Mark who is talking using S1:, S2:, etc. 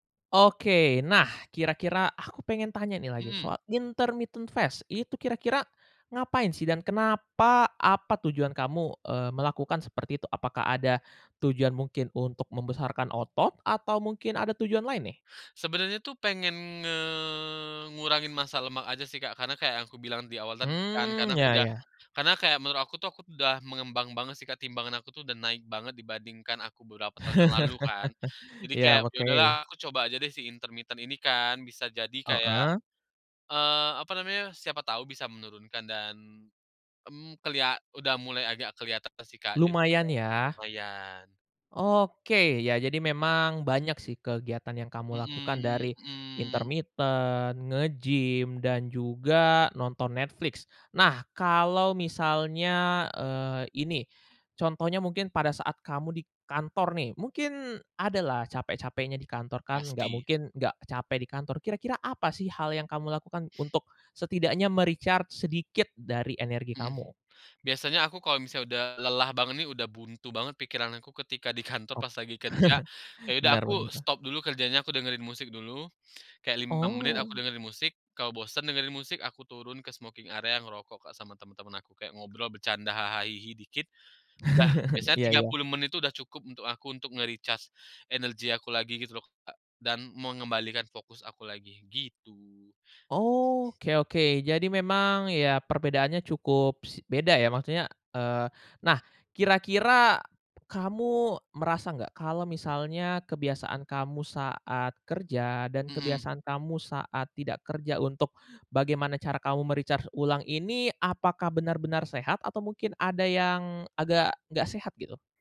S1: Oke, nah, kira-kira aku pengen tanya nih lagi
S2: Mhm.
S1: soal intermittent fast, itu kira-kira ngapain sih dan kenapa, apa tujuan kamu, eee, melakukan seperti itu? Apakah ada tujuan mungkin untuk membesarkan otot, atau mungkin ada tujuan lain nih?
S2: Sebenarnya tuh pengen nge ngurangin massa lemak aja sih Kak, karena kayak yang aku bilang di awal tadi kan,
S1: Mmm,
S2: karena aku
S1: ya
S2: udah
S1: ya.
S2: karena kayak menurut aku tuh aku udah mengembang banget sih Kak, timbangan aku tuh udah naik banget dibandingkan aku beberapa tahun yang lalu kan. Jadi
S1: Ya,
S2: kayak, ya udahlah
S1: oke.
S2: aku coba aja deh si intermiten ini kan bisa jadi kayak,
S1: Heeh?
S2: eee, apa namanya, siapa tahu bisa menurunkan dan, mmm, kelia udah mulai agak keliatan sih Kak
S1: Lumayan
S2: jadinya,
S1: ya?
S2: lumayan.
S1: Oke, ya jadi memang banyak sih kegiatan yang kamu
S2: Mmm
S1: lakukan dari
S2: mmm.
S1: intermiten, nge-gym, dan juga nonton Netflix. Nah, kalau misalnya, eee, ini, contohnya mungkin pada saat kamu di kantor nih, mungkin ada lah capek-capeknya di kantor kan, nggak
S2: Pasti.
S1: mungkin nggak capek di kantor. Kira-kira apa sih hal yang kamu lakukan untuk setidaknya me-recharge sedikit dari energi
S2: Hmm,
S1: kamu?
S2: biasanya aku kalau misalnya udah lelah banget nih, udah buntu banget pikiran aku ketika di kantor
S1: Oh,
S2: pas lagi kerja, ya udah
S1: benar banget
S2: aku
S1: lah.
S2: stop dulu kerjanya, aku dengerin musik dulu, kayak 5 menit aku
S1: Oh.
S2: dengerin musik, kalau bosen dengerin musik, aku turun ke smoking area ngerokok Kak sama teman-teman aku. Kayak ngobrol bercanda haha hihi dikit, udah, biasanya
S1: Iya
S2: tiga
S1: iya.
S2: puluh menit tuh udah cukup untuk aku, untuk nge-recharge energi aku lagi gitu loh Kak, dan mengembalikan fokus aku lagi gitu.
S1: Oh, oke oke. Jadi memang, ya perbedaannya cukup s beda ya, maksudnya, eee, nah, kira-kira kamu merasa nggak, kalau misalnya kebiasaan kamu saat kerja dan
S2: Hmm.
S1: kebiasaan kamu saat tidak kerja untuk bagaimana cara kamu me-recharge ulang ini, apakah benar-benar sehat, atau mungkin ada yang agak nggak sehat gitu?